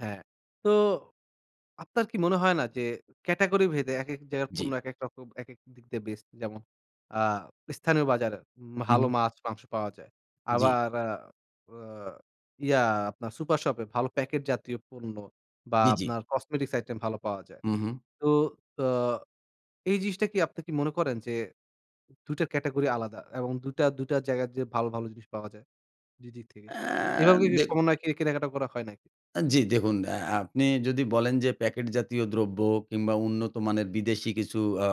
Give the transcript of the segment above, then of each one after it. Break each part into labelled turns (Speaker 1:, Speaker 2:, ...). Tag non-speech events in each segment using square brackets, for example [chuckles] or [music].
Speaker 1: হ্যাঁ, তো আপনার কি মনে হয় না? যে, ক্যাটেগরি ভেদে, একেক জায়গায় পণ্য
Speaker 2: জ্বি।
Speaker 1: একেক রকম, একেক দিক দিয়ে বেস্ট, যেমন আ স্থানীয় বাজারে উ
Speaker 2: হু,
Speaker 1: ভালো
Speaker 2: হুম।
Speaker 1: মাছ মাংস পাওয়া যায়।
Speaker 2: জ্বি।
Speaker 1: আবার আ আ ইয়া আপনার সুপার শপ এ ভালো প্যাকেট জাতীয় পণ্য, বা
Speaker 2: জ্বি, জ্বি।
Speaker 1: আপনার কসমেটিক্স আইটেম ভালো পাওয়া যায়।
Speaker 2: হু, হুম।
Speaker 1: তো আ এই জিনিসটা কি আপনি কি মনে করেন যে, দুইটা ক্যাটেগরি আলাদা এবং দুইটা, দুইটা জায়গায় যে, ভালো, ভালো জিনিস পাওয়া যায়? দুই দিক থেকে?
Speaker 2: অ্যা
Speaker 1: এভাবে কে
Speaker 2: দেখ
Speaker 1: সমন্বয় করে কেনাকাটা করা হয় নাকি?
Speaker 2: আ জ্বি, দেখুন আ আপনি যদি বলেন, যে, প্যাকেট জাতীয় দ্রব্য কিংবা উন্নত মানের বিদেশী কিছু আ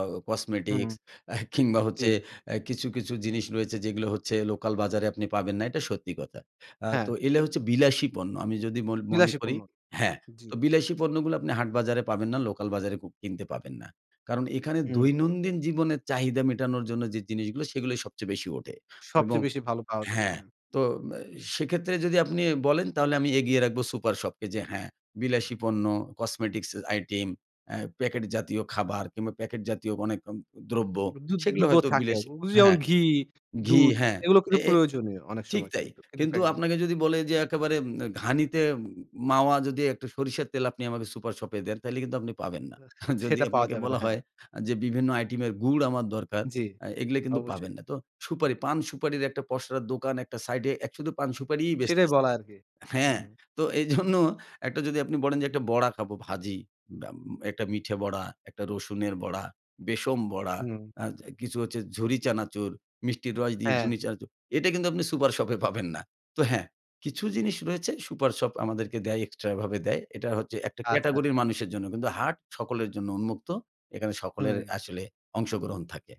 Speaker 1: হুম।
Speaker 2: কসমেটিক্স, [chuckles] কিংবা
Speaker 1: জ্বী।
Speaker 2: হচ্ছে আ কিছু, কিছু জিনিস রয়েছে যেগুলো হচ্ছে লোকাল বাজারে আপনি পাবেন না। এটা সত্যি কথা। আ তো
Speaker 1: হ্যাঁ।
Speaker 2: এগুলা হচ্ছে বিলাসী পণ্য। আমি যদি মন মনে
Speaker 1: বিলাসী
Speaker 2: করি
Speaker 1: পূর্ণ,
Speaker 2: হ্যাঁ,
Speaker 1: জ্বী।
Speaker 2: তো বিলাসী পণ্যগুলো আপনি হাট বাজারে পাবেন না, লোকাল বাজারে কিনতে পাবেন না। কারণ এখানে
Speaker 1: হুম।
Speaker 2: দৈনন্দিন জীবনের চাহিদা মেটানোর জন্য যে, জিনিসগুলো সেগুলোই সবচেয়ে বেশি ওঠে। এবং
Speaker 1: সবচেয়ে বেশি ভালো পাওয়া যায়।
Speaker 2: হ্যাঁ,
Speaker 1: হ্যাঁ।
Speaker 2: তো মে সেক্ষেত্রে যদি আপনি বলেন তাহলে আমি এগিয়ে রাখবো সুপার শপকে যে, হ্যাঁ,
Speaker 1: হুম।
Speaker 2: বিলাসী পণ্য, কসমেটিক্স আইটেম, আ প্যাকেট জাতীয় খাবার কিংবা প্যাকেট জাতীয় অনেক উম দ্রব্য
Speaker 1: দুধ
Speaker 2: সেগুলো
Speaker 1: দুধও
Speaker 2: হয়তো
Speaker 1: থাকে।
Speaker 2: বিলাসী
Speaker 1: এ জ যেমন
Speaker 2: হ্যাঁ,
Speaker 1: ঘি,
Speaker 2: ঘি,
Speaker 1: দুধ
Speaker 2: হ্যাঁ।
Speaker 1: এগুলো
Speaker 2: এ
Speaker 1: কিন্তু
Speaker 2: এ
Speaker 1: প্রয়োজনীয় অনেক
Speaker 2: ঠিক
Speaker 1: সময়
Speaker 2: তাই।
Speaker 1: কিন্তু
Speaker 2: কিন্তু
Speaker 1: প্যাকেজে
Speaker 2: আপনাকে যদি বলে যে, একেবারে ঘানিতে মাওয়া, যদি একটা সরিষার তেল আপনি আমাকে সুপার শপে দেন, তাহলে কিন্তু আপনি পাবেন না। যদি
Speaker 1: সেটা পাওয়া
Speaker 2: আপনাকে
Speaker 1: যাবে না,
Speaker 2: বলা
Speaker 1: হ্যাঁ।
Speaker 2: হয় আ যে, বিভিন্ন আইটেমের গুড় আমার দরকার,
Speaker 1: জ্বি,
Speaker 2: আ এগুলো কিন্তু
Speaker 1: অবশ্যই।
Speaker 2: পাবেন না। তো সুপারি, পান সুপারির একটা পসরার দোকান একটা সাইড এ শুধু পান সুপারিই
Speaker 1: সেটাই
Speaker 2: বেচতেছে।
Speaker 1: বলা আর কি।
Speaker 2: হ্যাঁ,
Speaker 1: হুম।
Speaker 2: তো এইজন্য একটা যদি আপনি বলেন যে, একটা খাবো ভাজি, আ আ একটা মিঠে বড়া, একটা রসুনের বড়া, বেসন বড়া,
Speaker 1: হুম।
Speaker 2: আ কিছু হচ্ছে ঝুড়ি চানাচুর, মিষ্টির রস দিয়ে
Speaker 1: হ্যাঁ।
Speaker 2: ঝুনি চানাচুর। এটা কিন্তু আপনি সুপার শপে পাবেন না। তো হ্যাঁ, কিছু জিনিস রয়েছে সুপার শপ আমাদেরকে দেয় এক্সট্রা এভাবে দেয়। এটা হচ্ছে একটা
Speaker 1: আচ্ছা।
Speaker 2: ক্যাটেগরির মানুষের জন্য। কিন্তু হাট সকলের জন্য উন্মুক্ত। এখানে সকলের
Speaker 1: হুম।
Speaker 2: আসলে অংশগ্রহণ থাকে।